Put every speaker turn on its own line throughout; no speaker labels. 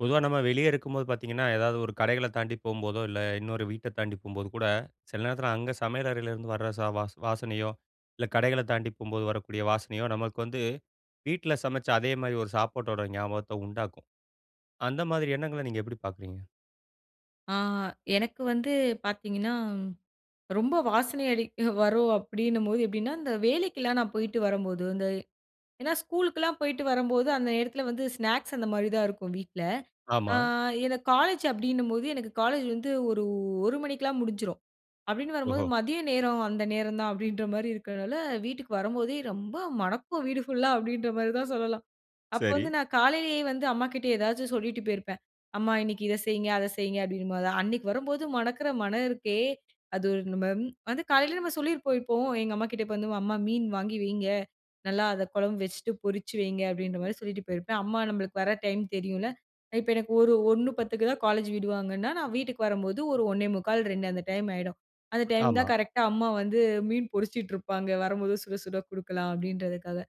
பொதுவா நம்ம வெளியே இருக்கும்போது பாத்தீங்கன்னா, ஏதாவது ஒரு கடைகள தாண்டி போம்போதோ, இல்ல இன்னொரு வீட்ட தாண்டி போம்போது கூட, சில நேரத்தில அங்க சமையல் அறையிலேருந்து வர ச வ வாசனையோ, இல்ல கடைகளைத் தாண்டி போம்போது வரக்கூடிய வாசனையோ, நமக்கு வந்து வீட்டில சமைச்ச அதேமாரி ஒரு சாப்பாட்டோட ஞாபகத்த உண்டாக்கும். அந்த மாதிரி எண்ணங்கள நீங்க எப்படி பாக்குறீங்க?
ஆ எனக்கு வந்து பாத்தீங்கன்னா, ரொம்ப வாசனை அடிக்க வரும், அப்படின்னும்போது எப்படின்னா, இந்த வேலைக்கெல்லாம் நான் போய்ட்டு வரும்போது இந்த ஏன்னா ஸ்கூலுக்குலாம் போயிட்டு வரும்போது, அந்த நேரத்தில வந்து ஸ்நாக்ஸ் அந்த மாரி தான் இருக்கும் வீட்ல. அ
ஆமா.
எனக்கு காலேஜ் அப்படின்னும்போது, எனக்கு காலேஜ் வந்து ஒரு 1 மணிக்கெல்லாம் முடிஞ்சிரும். அப்படின்னு வரும்போது
ஓஹோ!
மதிய நேரம் அந்த நேரம் தான் அப்படின்ற மாரி இருக்கிறனால, வீட்டுக்கு வரும்போதே ரொம்ப மணக்கும் வீடு ஃபுல்லா, அப்படின்ற மாதிரி தான் சொல்லலாம். அப்ப
சரி.
வந்து நான் காலையிலேயே வந்து, அம்மாகிட்ட எதாச்சும் சொல்லிட்டு பேயிருப்பேன். "அம்மா இன்னைக்கு இத செய்ங்க, அத செய்ங்க" அப்படின்னு போது அன்னைக்கு வரும்போது, மணக்கிற மணம் இருக்கே! அது நம்ம ம் வந்து காலையில நம்ம சொல்லியிருப்போம். இப்போ எங்க அம்மாகிட்ட, "இப்ப வந்து அம்மா மீன் வாங்கி வைங்க, நல்லா அத குழம்பு வச்சுட்டு பொரிச்சு வைங்க." அப்படின்ற மாதிரி சொல்லிட்டு போயிருப்பேன். அம்மா நம்மளுக்கு வர டைம் தெரியும்ல, இப்ப எனக்கு ஒரு 1.10 தான் காலேஜ் விடுவாங்கன்னா, நான் வீட்டுக்கு வரும்போது ஒரு 1:45, 2 அந்த டைம் ஆயிடும். அந்த டைம் தான்
ஆமா.
கரெக்ட்‌டா அம்மா வந்து மீன் பொரிச்சிட்டு இருப்பாங்க. வரும்போது சுட சுட குடுக்கலாம் அப்படின்றதுக்காக.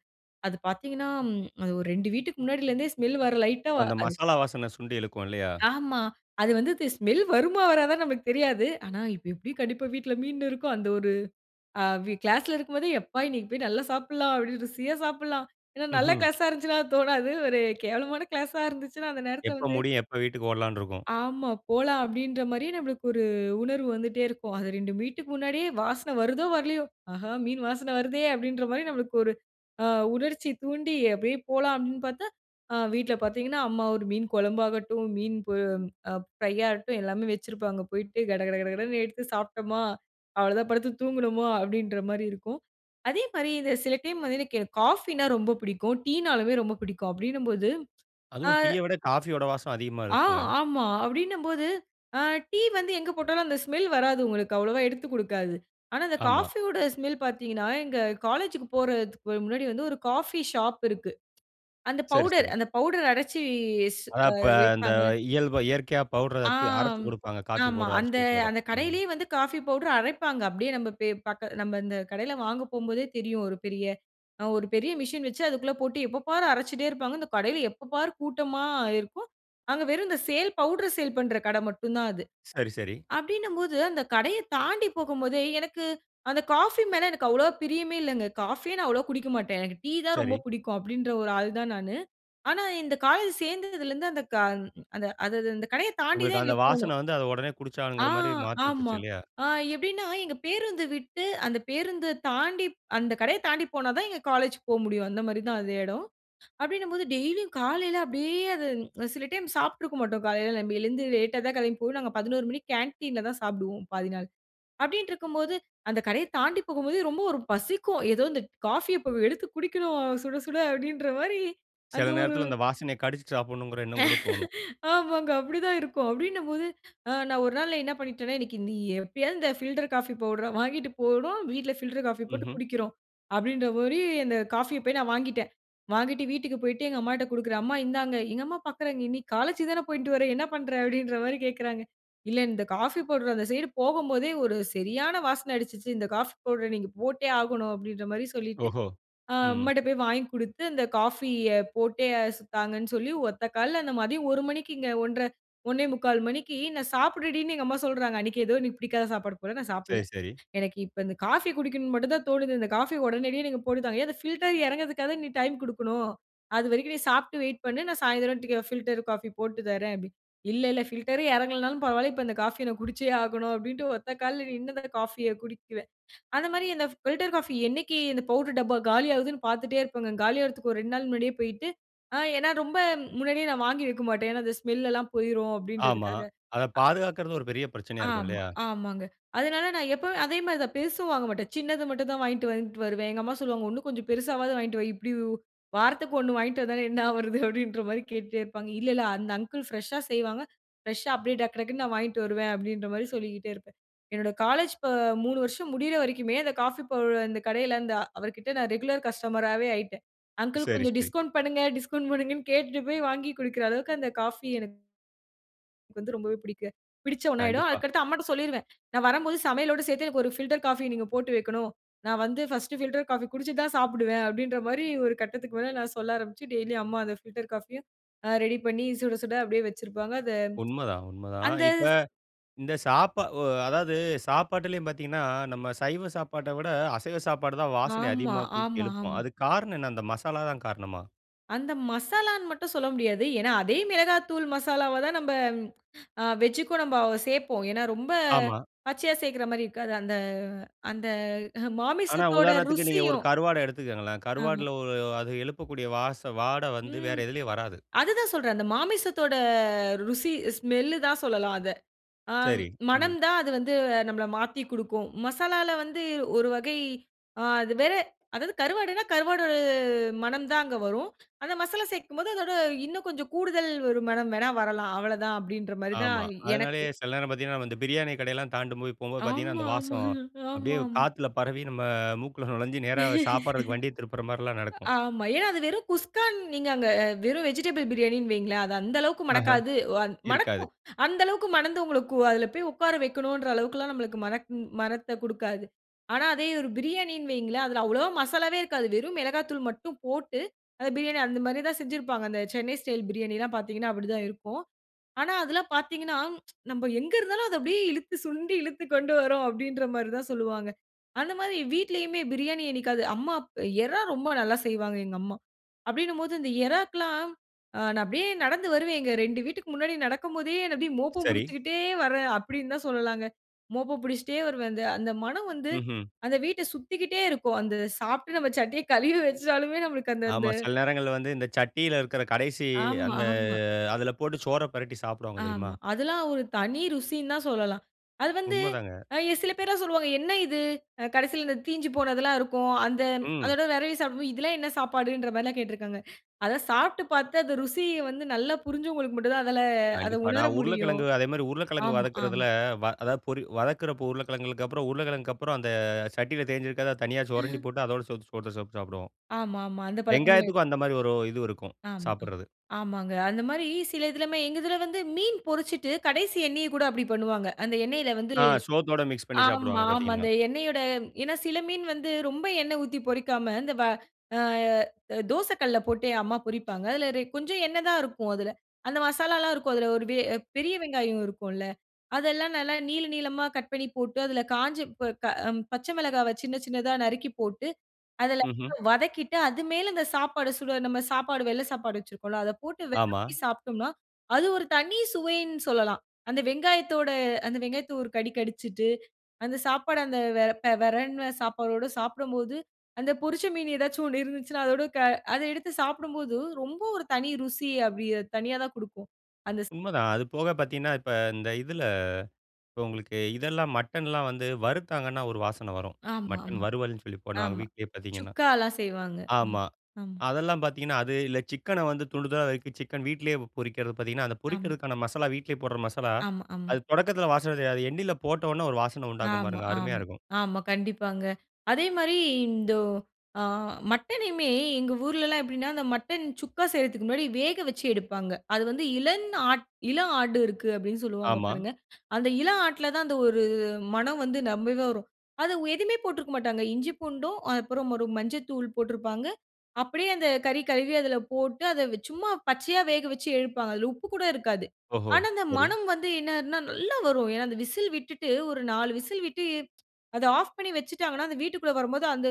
அது பாத்தீங்கன்னா ம் அது ஒரு 2 வீட்டுக்கு முன்னாடிலேருந்தே ஸ்மெல் வர லைட்டா
அந்த
அது
மசாலா வாசன சுண்டி இழுக்கும் இல்லையா?
ஆமா. அது வந்து இந்த ஸ்மெல் வருமா வராதானு நம்மளுக்குத் தெரியாது. ஆனா, "இப்ப எப்படி கண்டிப்பா வீட்டில மீன் இருக்கும்." அந்த ஒரு அ கிளாஸ்‌ல இருக்கும் போதே எப்பா இன்னைக்கு போய் நல்லா சாப்பிடலாம், அப்படி ருசியா சாப்பிடலாம். ஏன்னா நல்ல
ம்ஹ்ம்.
கிளாஸா இருந்துச்சுனா அது தோணாது. ஒரு கேவலமான கிளாஸா இருந்துச்சுனா அந்த நேரத்தில
எப்ப
வந்து
முடியும், எப்ப வீட்டுக்கு ஓடலான்னு இருக்கும்!
ஆமா, போலாம் அப்படின்ற மாதிரி நம்மளுக்கு ஒரு உணர்வு வந்துட்டே இருக்கும். அது 2 வீட்டுக்கு முன்னாடியே வாசனை வருதோ, வரலையோ, ஆஹா! மீன் வாசனை வருதே அப்படின்ற மாரி நம்மளுக்கு ஒரு அ உணர்ச்சி தூண்டி, அப்படியே போலாம் அப்படின்னு பார்த்தா, அ வீட்ல பார்த்தீங்கன்னா, அம்மா ஒரு மீன் குழம்பு ஆகட்டும், மீன் பொ அ ஃப்ரையாகட்டும் எல்லாமே வச்சிருப்பாங்க. போயிட்டு கடகடகடன்னு எடுத்து சாப்பிட்டோமா, அவ்வளோதான் படுத்து தூங்குனோமா, அப்படின்ற மாரி இருக்கும். அதே மாரி இந்த சில டைம் வந்து, எனக்கு காஃபினா ரொம்ப பிடிக்கும். டீனாலுமே ரொம்ப பிடிக்கும். அப்படின்னும்போது அ
அதுவும் டீய விட, காஃபியோட வாசம் அதிகமா
ஆ,
இருக்கும்ங்க.
ஆமா! அப்படின்னும்போது, அ டீ வந்து எங்க போட்டாலும் அந்த ஸ்மெல் வராது உங்களுக்கு. அவ்வளவா எடுத்துக் குடுக்காது. ஆனா இந்த
ஆமா.
காஃபியோட ஸ்மெல் பார்த்தீங்கன்னா, எங்க காலேஜ்‌க்கு போறதுக்கு முன்னாடி வந்து, ஒரு காஃபி ஷாப் இருக்கு. அந்த
சரி,
பவுடர்
சரி.
அந்த பவுடர் அடைச்சு இஸ்
அதான்
அ
இப்ப இந்த
விப்பாங்க.
இயல்ப இயற்கையா பவுட்ர த் அரைச்சு
ஆம்.
குடுப்பாங்க, காஃபி
ஆமா.
பவுடர அரைச்சு
அந்த
குடுக்குற இடம்.
அந்த
ம்.
கடையிலயே வந்து காஃபி பவுடர் அரைப்பாங்க. அப்படியே நம்ம பே பக்க நம்ம அந்த கடையில் வாங்க போம்போதே தெரியும், ஒரு பெரிய ஒரு பெரிய மிஷின் வச்சு, அதுக்குள்ள போட்டு எப்போபார் அரைச்சிட்டே இருப்பாங்க. இந்த கடையில எப்ப பாரு கூட்டமா இருக்கும். அங்க வெறும் இந்த சேல் பவுடர் சேல் பண்ணுற கடை மட்டும் தான் அது.
சரி, சரி.
அப்படினும்போது, அந்த கடைய தாண்டி போகும் போதே, எனக்கு அந்த காஃபி மேல எனக்கு அவ்வளவா பிரியமே இல்லங்க. காஃபியே நான் அவ்வளவா குடிக்க மாட்டேன். எனக்கு டீ தான்
சரி.
ரொம்ப பிடிக்கும், அப்படின்கிற ஒரு ஆள் தான் நானு. ஆனா, இந்த காலேஜ் சேர்ந்ததில இருந்து அந்த க அது அந்த அந்த கடைய தாண்டி தான்
உங்களுக்கு அந்த
எங்களுக்குப் போணும்.
வாசனை வந்து அத உடனே
ஆ!
குடிச்சாகணுங்கிற மாத்திவுட்டுருச்சு
ஆமா.
இல்லையா?
ஆ எப்படின்னா எங்க பேருந்து விட்டு அந்த பேருந்த தாண்டி அந்த கடைய தாண்டி போனா தான் எங்க காலேஜ்க்கு போக முடியும். அந்த மாரி தான் அ எடம். அப்படின்னும்போது டெய்லியும் காலைல அப்படியே அது சில டைம் சாப்பிட்டுருக்க மாட்டோம். காலைல நம்ம எழுந்து லேட்டா தான் கிளம்பி போய், நாங்க 11 மணிக்கு கேன்டீன்ல தான் சாப்பிடுவோம், பாதி நாள். அப்படின்ட்டு இருக்கும்போது, அந்த கடைய தாண்டி போகும்போதே ரொம்ப ஒரு பசிக்கும். ஏதோ இந்த காஃபிய இப்போ எடுத்து குடிக்கணும்! சுட சுட! அப்படின்ற மாரி அந்த
சில
ஒரு
நேரத்தில அந்த வாசனைய, கடிச்சு சாப்பிடணும்கிற எண்ணம் கூட தோணும்.
ஆமாங்க. அப்படி தான் இருக்கும். அப்படின்னும் போது, ஆ நான் ஒரு நாள் நா என்ன பண்ணிட்டேன்னா, "இன்னிக்கு நீ எப்படியாவது இந்த ஃபில்டர் காஃபி பவுடர வாங்கிட்டு போணும். வீட்ல ஃபில்டர் காஃபி போட்டு
ம்ஹ்ம்.
குடிக்கிறோம்." அப்படின்ற மாரி அந்த காஃபிய போய் நான் வாங்கிட்டேன். வாங்கிட்டு வீட்டுக்கு போய்ட்டு எங்க அம்மாட்ட குடுக்கிறேன். "அம்மா இந்தாங்க." எங்க அம்மா பார்க்கிறாங்க, "இன்னைக்கு காலேஜ்க்கு தான போயிட்டு வர்ற, என்ன பண்ற?" அப்படின்ற மாரி கேக்கறாங்க. "இல்ல இந்த காஃபி பவுடர் அந்த சைடு போகும்போதே ஒரு சரியான வாசனை அடிச்சிச்சு. இந்த காஃபி பவுடர நீங்க போட்டே ஆகணும்." அப்படின்ற மாரி சொல்லிட்டு,
ஓஹோ!
அ
ம்.
அம்மாட்ட போய் வாங்கி குடுத்து அந்த காஃபிய போட்டே சு தாங்கன்னு சொல்லி ஒத்த கால்ல அந்த மதியம் 1 மணிக்குங்க. 1:30, 1:45 மணிக்கு, நான் சாப்பிடுடின்னு எங்க அம்மா சொல்றாங்க. அன்னிக்கு ஏதோ எனக்கு பிடிக்காத சாப்பாடு போல நான்
சரி,
சாப்பிடல.
சரி.
எனக்கு இப்ப இந்த காஃபி குடிக்கணும்னு மட்டும் தான் தோணுது. இந்த காஃபிய உடனடியா, நீங்க போட்டு தாங்க. "ஏ அந்த ஃபில்டர் இறங்குறதுக்காது நீ டைம் கொடுக்கணும், அதுவரைக்கும் நீ சாப்பிட்டு வெயிட் பண்ணு. நான் சாயந்திரம் டிக் ஃபில்டர் காஃபி போட்டு தரேன்." அப்படி. "இல்ல இல்ல, ஃபில்டரே இறங்கலனாலும் பரவாயில்லை. இப்ப இந்த காஃபி எனக்கு குடிச்சே ஆகணும்." அப்படின்ட்டு ஒத்த கால்ல நின்னுதான் இந்த காஃபியை குடிப்பேன். அந்த மாதிரி அந்த பில்டர் காஃபி, என்னைக்கு இந்த பவுடர் டப்பா காலி ஆகுதுன்னு பார்த்துட்டே இருப்பேங்க. காலியாகறதுக்கு ஒரு 2 நாள் முன்னாடியே போய்ட்டு, ஆ ஏன்னா ரொம்ப முன்னாடியே நான் வாங்கி வைக்க மாட்டேன். ஏன்னா, அந்த ஸ்மெல் எல்லாம் போய்ரும்
ஆமா.
அப்படின்றதுக்காக.
அத
அ.
பாதுகாக்கறது ஒரு பெரிய பிரச்சனையா இருக்கும்.
ஆமா,
இல்லையா?
ஆமாங்க. அதனால நான் எப்போமே அதே மாரி தான் பெருசும் வாங்க மாட்டேன். சின்னது மட்டும் தான் வாங்கிட்டு வாங்கிட்டு வருவேன். எங்க அம்மா சொல்லுவாங்க, "ஒண்ணு கொஞ்சம் பெருசாவாவது வாங்கிட்டு வா, இப்படி வ் வாரத்துக்கு ஒண்ணு வாங்கிட்டு வந்தா என்ன ஆவூறது?" அப்படின்ற மாதிரி கேட்டுட்டே இருப்பாங்க. "இல்ல, இல்ல. அந்த அங்கிள் ஃப்ரெஷ்ஷா செய்வாங்க. ஃப்ரெஷ்ஷா அப்படியே டக் டக்குன்னு நான் வாங்கிட்டு வருவேன்." அப்படின்ற மாதிரி சொல்லிக்கிட்டே இருப்பேன். என்னோட காலேஜ் இப்ப 3 வருஷம் முடியிற வரைக்குமே, அந்த காஃபி பவுடர் அந்த கடையில, அந்த அவர்கிட்ட நான் ரெகுலர் கஸ்டமராவே ஆயிட்டேன். அங்கிள்
சரி,
கொஞ்சம்
சரி.
டிஸ்கவுண்ட் பண்ணுங்க டிஸ்கவுண்ட் பண்ணுங்கன்னு கேட்டுட்டு போய் வாங்கி குடிக்கிற அளவுக்கு அந்த காஃபி எனக்கு எனக்கு வந்து ரொம்பவே பிடிக்க பிடிச்ச ஒன்னாயிடும்.
கண்டிப்பா.
அதுக்கு அடுத்து அம்மாட்ட சொல்லிருவேன். "நான் வரும்போது சமையலோடு சேர்த்து எனக்கு ஒரு பில்டர் காஃபிய நீங்க போட்டு வைக்கணும். நான் வந்து ஃபர்ஸ்ட் பில்டர் காஃபி குடிச்சிட்டு தான் சாப்பிடுவேன்." அப்படின்ற மாரி ஒரு கட்டத்துக்கு மேல நான் சொல்ல ஆரம்பிச்சு, டெய்லி அம்மா அந்த பில்டர் காஃபிய அ ரெடி பண்ணி சுட, சுட அப்படியே வச்சிருப்பாங்க, அத
உண்மதான் உண்மதான்.
அந்த
இப்ப இந்த சாப்ப ஒ அதாவது சாப்பாட்டிலேயும் பார்த்தீங்கன்னா, நம்ம சைவ சாப்பாட்ட விட, அசைவ சாப்பாடு தான் வாசனை
ஆமா,
அதிகமா தூக்கி
ஆமா,
எழுப்புமாம்!
ஆமா.
அதுக்கு காரணம் என்ன? அந்த மசாலா தான் காரணமா?
அந்த மசாலான்னு மட்டும் சொல்ல முடியாது. ஏனா, அதே மிளகாத்தூள் மசாலாவ தான், நம்ப அ வெஜ்க்கும் நம்ப சேர்ப்போம். ஏனா ரொம்ப
ஆமா.
பச்சையா சேர்க்கிற மாதிரி இருக்காது. அந்த அந்த
ஆனா
மாமிசத்தோட
உதாரணத்துக்கு நீங்க ஒரு
ருசியும்.
கருவாட எடுத்துக்கோங்களேன்.
ஆமா.
கருவாடுல ஒரு அது எழுப்பக்கூடிய வாச வாடை வந்து வேற
ம்.
எதுலயும் வராது.
அதுதான் சொல்றேன். அந்த மாமிசத்தோட ருசி ஸ்மெல்லு தான் சொல்லலாம் அத. அ
சரி. ம்.
மணம் தான் அது வந்து நம்மள மாத்தி குடுக்கும். மசாலால வந்து ஒரு வகை அ அது வேற அதாவது கருவாடுனா, கருவாடு மணம் தான் அங்க வரும். அந்த மசாலா சேர்க்கும்போது அதோட இன்னும் கொஞ்சம் கூடுதல் ஒரு மணம் வேணா வரலாம். அவ்வளவு தான், அப்படின்ற மாரி தான்
ஆமா.
எனக்கு.
அதனாலேயே சில நேரம் பாத்தீங்கன்னா, நாம இந்த பிரியாணி கடையெல்லாம் தாண்டும்போது போம்போது பார்த்தீங்கனா,
ஆமா,
அந்த
ஆமா.
வாசம் அப்டியே
ஆமாங்.
காத்துல பரவி நம்ம மூக்குல நுழஞ்சு நேரா சாப்பிட்றதுக்கு வண்டிய திருப்புற மார்லாம் நடக்கும்.
ஆமா. ஏனா அது வெறும் குஸ்கான்னு நீங்க அங்க வெறும் வெஜிடபிள் பிரியாணின்னு வைங்களேன். அது அந்த அளவுக்கு
ஆஹா!
மணக்காது. வ
இருக்காது.
மணக்கும்! அந்த அளவுக்கு மணந்து, உங்களுக்கு அதில போய் உக்கார வெக்கணும்ன்ற அளவுக்கெல்லாம் நமக்கு மணக்கும் மணத்த கொடுக்காது. ஆனா அதே ஒரு பிரியாணின்னு வைங்களேன். அதில அவ்வளவா மசாலாவே இருக்காது. வெறும் மிளகாத்தூள் மட்டும் போட்டு, அந்த பிரியாணி அந்த மாரி தான் செஞ்சிருப்பாங்க. அந்த சென்னை ஸ்டைல் பிரியாணிலாம் பார்த்தீங்கன்னா அப்படி தான் இருக்கும். ஆனா அதெல்லாம் பாத்தீங்கன்னா, நம்ம எங்க இருந்தாலும், அத அப்படியே இழுத்து சுண்டி இழுத்துக் கொண்டு வரும். அப்படின்ற மாரி தான் சொல்வாங்க. அந்த மாரி வீட்டிலேயுமே பிரியாணி என்னிக்காவது அம்மா அப் இறா ரொம்ப நல்லா செய்வாங்க எங்க அம்மா. அப்படினும்போது இந்த இறாக்கெல்லாம் அ நான் அப்படியே நடந்து வருவேன். எங்க 2 வீட்டுக்கு முன்னாடி நடக்கும்போதே அத அப்படியே, "மோப்பம்
சரி.
பிடிச்சுக்கிட்டே வரேன்." அப்படீன்னுதான் சொல்லலாங்க. மோப்பம் பிடிச்சுக்கிட்டே வருவேன். அந்த அந்த மணம் வந்து,
ம்ஹ்ம்.
அந்த வீட்ட சுத்திக்கிட்டே இருக்கும். அந்த சாப்ட்டு நம்ப சட்டிய கலுவி வெச்சாலுமே நம்மளுக்கு அந்த
ஆமா.
அந்த
சில நேரங்கள்ல வந்து இந்த சட்டியில இருக்கிற கடைசி
ஆமா.
அந்த
ஆமா.
அதுல போட்டு சோற பிரட்டி சாப்பிடுவாங்க தெரியுமா?
ஆமா. அதெல்லாம் ஒரு தனி ருசின்னுதான் சொல்லலாம். அது வந்து,
உண்மதாங்க.
அ எ சில பேர்லாம் சொல்வாங்க. "என்ன இது?" அ கடைசியில தீஞ்சு போனதெல்லாம் இருக்கும். அந்த
ம்.
அதோட வெரவி சாப்பிடும்போது, இதெல்லாம் என்ன சாப்பாடுன்ற மாரிலாம் கேட்டிருக்காங்க. அத சாப்ட்டு பார்த்து, அந்த ருசிய வந்து நல்லா புரிஞ்சவங்களுக்கு மட்டும்தான் அதுல அத
கண்டிப்பா.
உணர
நான்
முடியும்.
உருளைக்கிழங்கு அதேமாதிரி உருளைக்கிழங்கு
ஆமா, ஆமா.
வதக்குறதில வ அதா பொறி வதக்குறப்போ உருளைக்கிழங்கு அப்புறம் உருளைக்கிழங்கு அப்புறம் அந்த சட்டியில் தேஞ்சுக்கரத தனியா சுரண்டி போட்டு அதோட சோத்த சோத்த போட்டு சாப்பிடுவோம்.
ஆமாமா. அந்த பழக்கமு
வெங்காயத்துக்கும் அந்த மாதிரி ஒரு இது
ஆமா. அ.
இருக்கும்.சாப்பிடுறது.
ஆமாங்க. அந்த மாரி, சில இதுலமே எங்க இதில வந்து மீன் பொரிச்சுட்டு, கடைசி எண்ணெய கூட அப்படி பண்ணுவாங்க. அந்த எண்ணெயில வந்து
ஆ. சோத்தோட மிக்ஸ் பண்ணி
ஆமா,
சாப்பிடுவாங்க
ஆமா.
பார்த்தீங்கன்னா.
அந்த எண்ணெயோட ஏன்னா சில மீன் வந்து ரொம்ப எண்ணெய் ஊத்தி பொரிக்காம, இந்த வ அ தோச கல்ல போட்டே அம்மா பொரிப்பாங்க. இல்ல இதில கொஞ்சம் எண்ணெய் தான் இருக்கும் அதுல. அந்த மசாலாலாம் இருக்கும். அதில ஒரு வே பெரிய வெங்காயம் இருக்கும்ல. அதெல்லாம் நல்லா நீள, நீளமா கட் பண்ணி போட்டு. அதில காஞ்ச ப க அ பச்ச மிளகாவ சின்ன, சின்னதா நறுக்கி போட்டு, அதுல
ம்ஹ்ம்.
வதக்கிட்டு, அது மேல அந்த சாப்பாடு சுட நம்ம சாப்பாடு வெள்ளை சாப்பாடு வெச்சிருக்கோம்ல, அத போட்டு
ஆமா.
வெரவி சாப்பிட்டோம்னா, அது ஒரு தனி சுவைன்னு சொல்லலாம். அந்த வெங்காயத்தோட அந்த வெங்காயத்த ஒரு கடி கடிச்சிட்டு, அந்த சாப்பாடு அந்த வெ வெரவுன சாப்பாடோடு சாப்பிடும்போது அந்த பொரிச்ச மீன் ஏதாச்சும் ஒண்ணு இருந்துச்சுன்னா அதோடு க அத எடுத்து சாப்பிடும்போது ரொம்ப ஒரு தனி ருசி அப்படி தனியா தான் குடுக்கும். அந்த ச
உண்மைதான். அது போக பார்த்தீங்கன்னா இப்ப இந்த இதில இப்ப உங்களுக்கு இதெல்லாம் மட்டன்லாம் வந்து வறுத்தாங்கன்னா, ஒரு வாசனை வரும். மட்டன்
ஆமாமா.
வருவல்னு சொல்லி பண்ணுவாங்க,
ஆமா.
வீட்லேயே பார்த்தீங்கன்னா.
சுக்காலாம் செய்வாங்க. ம்.
ஆமா.
ஆமா.
அதெல்லாம் பார்த்தீங்கன்னா, அது இல்ல சிக்கன வந்து துண்டு துண்டா நறுக்கி, சிக்கன் வீட்டிலயே பொரிக்கிறது. பார்த்தீங்கன்னா, அந்த
ஆமா.
பொரிக்கறதுக்கான மசாலா, வீட்டிலேயே போடுற மசாலா,
ஆமா, ஆமா.
அது தொடக்கத்தில வாசனை தெரியாது. அது எண்ணெயில் போட்டவோன ஒரு வாசனை உண்டாகும்
ஆமா,
பாருங்க, அருமையா
ஆமா,
இருக்கும்.
ஆமா. கண்டிப்பாங்க. அதே மாரி இந்த அ மட்டனையுமே எங்க ஊர்லெல்லாம் எப்படின்னா, அந்த மட்டன் சுக்கா செய்றதுக்கு முன்னாடி வேக வெச்சு எடுப்பாங்க. அது வந்து இளம் ஆட் இளம் ஆடு இருக்கு, அப்படீன்னு சொல்லுவாங்க
ஆமா.
பாருங்க. அந்த இளம் ஆட்ல தான் அந்த ஒரு மணம் வந்து ரெம்பவே வரும். அதை ஒ எதுவுமே போட்டிருக்க மாட்டாங்க. இஞ்சி பூண்டும் அப்புறம் ஒரு மஞ்சள் தூள் போட்டிருப்பாங்க. அப்படியே அந்த கறி கழுவி அதில போட்டு அத சும்மா பச்சையா வேக வெச்சு எடுப்பாங்க அதில உப்பு கூட இருக்காது.
ஓஹோ!
ஆனா அந்த
சரி.
மணம் வந்து என்னதுனா, நல்லா வரும். ஏன்னா அந்த விசில் விட்டுட்டு ஒரு 4 விசில் விட்டு, அத ஆஃப் பண்ணி வெச்சுட்டாங்கன்னா அந்த வீட்டிகுள்ள வரும்போது அந்த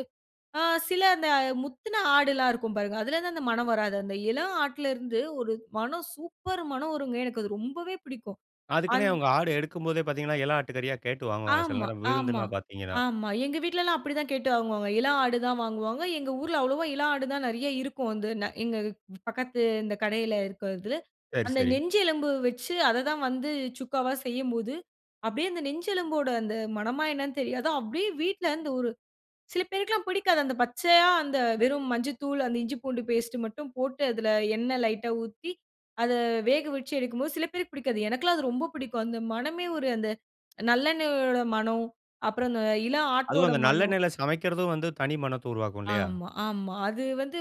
அ சில அந்த முத்துன ஆடுலாம் இருக்கும் பாருங்க. அதிலிருந்து அந்த மணம் வராது. அந்த இளம் ஆட்லேருந்து ஒரு மணம் சூப்பர் மணம் வருங்க. எனக்கு அது ரொம்பவே பிடிக்கும்.
அதுக்குன்னே
அன்
அவங்க ஆடு எடுக்கும்போதே பார்த்தீங்கன்னா, இளம் ஆட்டு கறியா கேட்டு வாங்குவாங்க. சில
ஆமா,
நேரம்
ஆமா,
விருந்துன்னா பார்த்தீங்கன்னா.
ஆமா. எங்க வீட்டிலலாம் அப்படி தான் கேட்டு வாங்குவாங்க. இளம் ஆடு தான் வாங்குவாங்க. எங்க ஊர்ல அவ்ளோவா இளம் ஆடு தான் நிறைய இருக்கும். வந்து நா எங்க பக்கத்து இந்த கடையில் இருக்கிறது.
சரி,
அந்த
சரி.
நெஞ்செலும்பு வெச்சு, அத தான் வந்து சுக்காவா செய்யும்போது அப்படியே அந்த நெஞ்சு எலும்போட அந்த மணமா, என்னன்னு தெரியாது. அப்படியே வீட்டில இந்த ஒரு சில பேருக்குலாம் பிடிக்காது. அந்த பச்சையா அந்த வெறும் மஞ்சள் தூள் அந்த இஞ்சி பூண்டு பேஸ்ட் மட்டும் போட்டு, அதில எண்ணை லைட்டா ஊத்தி, அத வேக வெச்சு எடுக்கும்போது, சில பேருக்கு பிடிக்காது. எனக்கெல்லாம் அது ரொம்ப பிடிக்கும். அந்த மணமே ஒரு அந்த நல்லெண்ணெயோட மணம். அப்புறம் அந்த இளம்
அதுவும்
ஆட்டோட
அந்த
மணம்!
நல்லெண்ணெயில சமைக்கிறதும் வந்து, தனி மணத்த உருவாக்கும் இல்லையா?
ஆமா, ஆமா. அது வந்து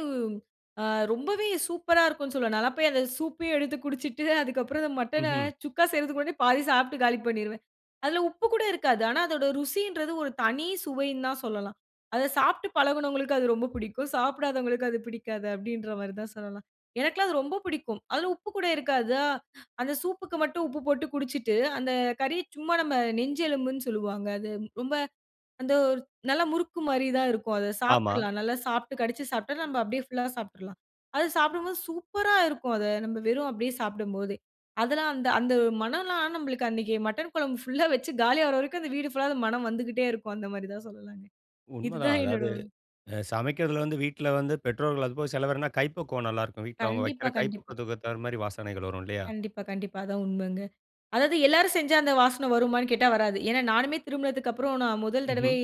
அ ரொம்பவே சூப்பரா இருக்குன்னு சொல்லுவேன். நான்லாம் போய் அந்த சூப்பயே எடுத்து குடிச்சிட்டு, அதுக்கப்புறம் அந்த மட்டன
ம்ஹ்ம்.
சுக்கா செய்றதுக்கு முன்னாடியே பாதி சாப்ட்டு காலி பண்ணிருவேன். அதில உப்பு கூட இருக்காது. ஆனா அதோட ருசின்றது ஒரு தனி சுவைன்னு தான் சொல்லலாம். அத சாப்ட்டு பழகினவங்களுக்கு அது ரொம்ப பிடிக்கும். சாப்பிடாதவங்களுக்கு அது பிடிக்காது, அப்படீன்ற மாரி தான் சொல்லலாம். எனக்கெல்லாம் அது ரொம்ப பிடிக்கும். அதில உப்பு கூட இருக்காதா. அந்த சூப்‌புக்கு மட்டும் உப்பு போட்டு குடிச்சிட்டு, அந்த கறி சும்மா நம்ப நெஞ்சு எலும்புன்னு சொல்லுவாங்க. அது ரொம்ப அந்த ஒ நல்ல முறுக்கு மாரி தான் இருக்கும். அத
ஆமா.
சாப்பிட்றலாம். நல்லா சாப்ட்டு கடிச்சு சாப்ட்டா நம்ப அப்படியே ஃபுல்லாவே சாப்பிட்றலாம். அது சாப்பிடும்போது சூப்பரா இருக்கும். அத நம்ப வெறும் அப்படியே சாப்பிடும்போதே. அதெல்லாம் அந்த அந்த மணம்லாம் நமக்கு அன்னைக்கி மட்டன் குழம்பு ஃபுல்லா வெச்சு காலியாகிற வரைக்கும் அந்த வீடு ஃபுல்லா அந்த மணம் வந்துகிட்டே இருக்கும். அந்த மாதிரி தான் சொல்லலாங்க. இது
உண்மைதான்.
தான் என்னோட
அதாவது அ சமைக்கிறதுல வந்து, வீட்ல வந்து பெற்றோர்கள் அதுபோக சிலவர்னா கைப்பக்குவம் நல்லா இருக்கும். வீட்டில் அவங்க
கண்டிப்பா,
வைக்கிற
கண்டிப்பா.
கைப்பக்குவத்துக்கு தகுந்த மாரி, வாசனைகள் வரும். இல்லையா?
கண்டிப்பா, கண்டிப்பா. அதான் உண்மைங்க. அதாவது எல்லாரும் செஞ்சா அந்த வாசனை வருமான்னு கேட்டா? வராது. ஏன்னா நானுமே திருமணத்துக்கப்புறம், நான் முதல்
ம்ஹ்ம்.
தடவை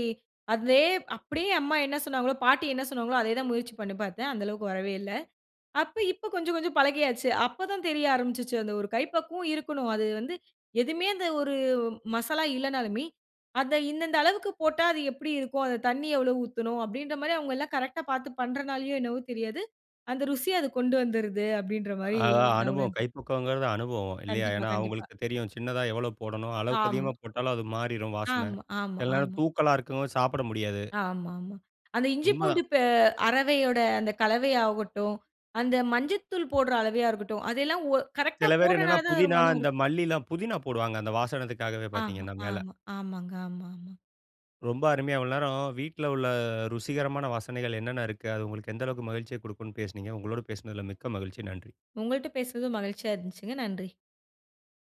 அதே அப்படியே அம்மா என்ன சொன்னாங்களோ, பாட்டி என்ன சொன்னாங்களோ, அதே தான் முயற்சி பண்ணி பார்த்தேன். அந்தளவுக்கு வரவே இல்ல. அப்ப இப்ப கொஞ்சம் கொஞ்சம் பழகியாச்சு. அப்போதான் தெரிய ஆரம்பிச்சுச்சு, அந்த ஒரு கை பக்குவம் இருக்கணும். அது வந்து எதுவுமே அந்த ஒரு மசாலா இல்லனாலுமே, அத இந்தந்த அளவுக்கு போட்டா அது எப்படி இருக்கும்? அந்த தண்ணி எவ்ளோ ஊத்தணும்? அப்படின்ற மாரி அவங்க எல்லாம் கரெக்ட்‌டா பார்த்து பண்ணுறதுனாலயோ என்னவோ தெரியாது. அந்த ருசிய அது கொண்டு வந்துருது. அப்படின்ற மாரி
அ
நான்
அனுபவம்
உணர்ந்தேன்.
கைப்பக்குவம்ங்கிறது அனுபவம், இல்லையா?
கண்டிப்பா,
ஏன்னா
கண்டிப்பா.
அவங்களுக்கு தெரியும். சின்னதா எவ்வளோ போடணும், அளவுக்கு
ஆமா.
அதிகமா போட்டாலும் அது மாறிரும் வாசனை.
ஆமா, ஆமா,
சில நேரம்
ஆமா.
தூக்கலா இருக்கும், சாப்பிட முடியாது.
ஆமாமா. அந்த இஞ்சி
உண்மைதான்.
பூண்டு பெ அரவையோட அந்த கலவை ஆகட்டும், அந்த மஞ்சத்தூள் போடுற அளவா இருக்கட்டும். அதெல்லாம் ஒ கரெக்ட்‌டா
சில பேரு என்னன்னா,
போடுறனாலதான் அதோட
புதினா,
மணம்
இந்த
இருக்கு.
மல்லிலாம் புதினா போடுவாங்க. அந்த வாசனைக்காகவே
ஆமா,
பார்த்தீங்கன்னா, மேல.
ஆமா. ஆமாங்க. ஆமாமா.
ரொம்ப அருமையா இவ்வளவு நேரோ, வீட்ல உள்ள ருசிகரமான வாசனைகள் என்னென்ன இருக்கு, அது உங்களுக்கு எந்த அளவுக்கு மகிழ்ச்சிய கொடுக்கும்னு பேசுனீங்க. உங்களோடு பேசுனதில மிக்க மகிழ்ச்சி. நன்றி.
உங்கள்ட்ட பேசுனதும் மகிழ்ச்சியா இருந்துச்சுங்க. நன்றி.